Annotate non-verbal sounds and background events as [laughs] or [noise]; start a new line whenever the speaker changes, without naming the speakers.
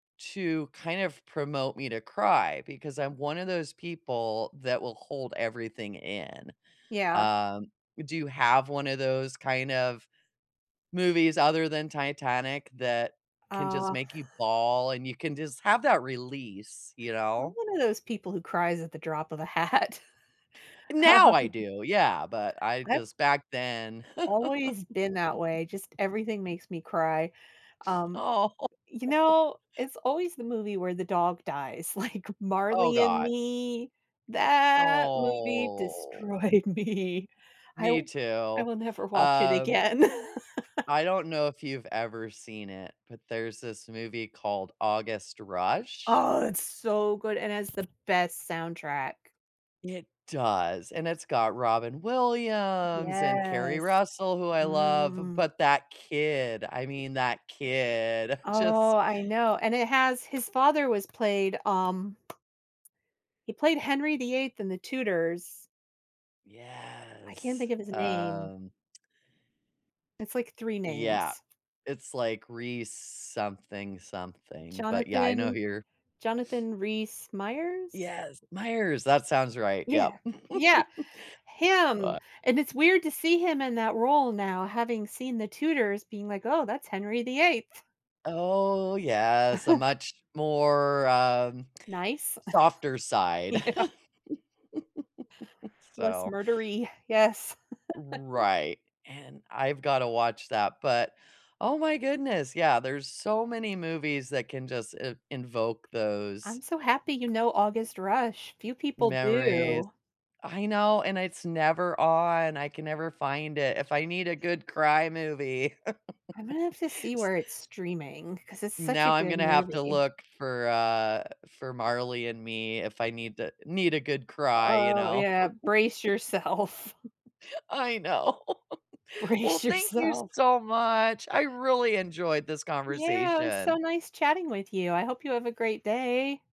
To kind of promote me to cry, because I'm one of those people that will hold everything in.
Yeah.
Um, do you have one of those kind of movies other than Titanic that can just
Oh
make you bawl, and you can just have that release, you
I'm
know?
one of those people who cries at the drop of a hat. Uh
Now I do. Yeah. But I
I've
just back then [laughs]
always been that way. Just everything makes me cry. Um,
Oh.
you
[chuckles]
know, it's always the movie where the dog dies. Like,
Oh
Marley and
god.
Me, that movie
Oh.
destroyed me. I
Me
w I
too.
will never watch it
Um,
again. [laughs]
I don't know if you've ever seen it, but there's this movie called August Rush.
Oh, it's so good and has the best soundtrack.
It does. And it's got Robin Williams and Carrie
Yes.
Russell, who I love.
Mm.
But that kid, I mean, that kid just
Oh, I know. And it has his father was played, um he played Henry the 8th in The Tudors. I can't
Yes,
think of his name.
um
It's, like, 3
Yeah.
names.
It's like Rhys something something, but, yeah, I know
Jonathan
who you're
Jonathan Rhys-Meyers?
Yes, Myers. That sounds right. Yep.
Yeah. Yeah.
[chuckles] Bu
Him. And it's weird to see him in that role now having seen The Tutors being like, "Oh, that's Henry the 8th."
Oh, yes. A
[chuckles]
much more, um,
Nice.
softer
[scoffs]
side. [laughs]
Yeah. Less
So
murdery. Yes. [laughs]
Right. And I've gotta watch that, but, oh my goodness. Yeah, there's so many movies that can just i invoke
I'm
those
so happy you know August Rush, few people
memories.
do.
I know, and it's never on, I can never find it. If I need a good cry movie, [laughs]
I'm gonna have to see
s
where it's streaming, 'cause it's such a
Now I'm
good
gonna have to
movie.
look for, uh, for Marley and Me if I need to need a good cry, you
Oh,
know?
yeah. Brace yourself.
[laughs] I know. [laughs] Well,
Brace
thank you
yourself.
so much. I really enjoyed this
Yeah. It was so
conversation.
nice chatting with you. I hope you have a great day.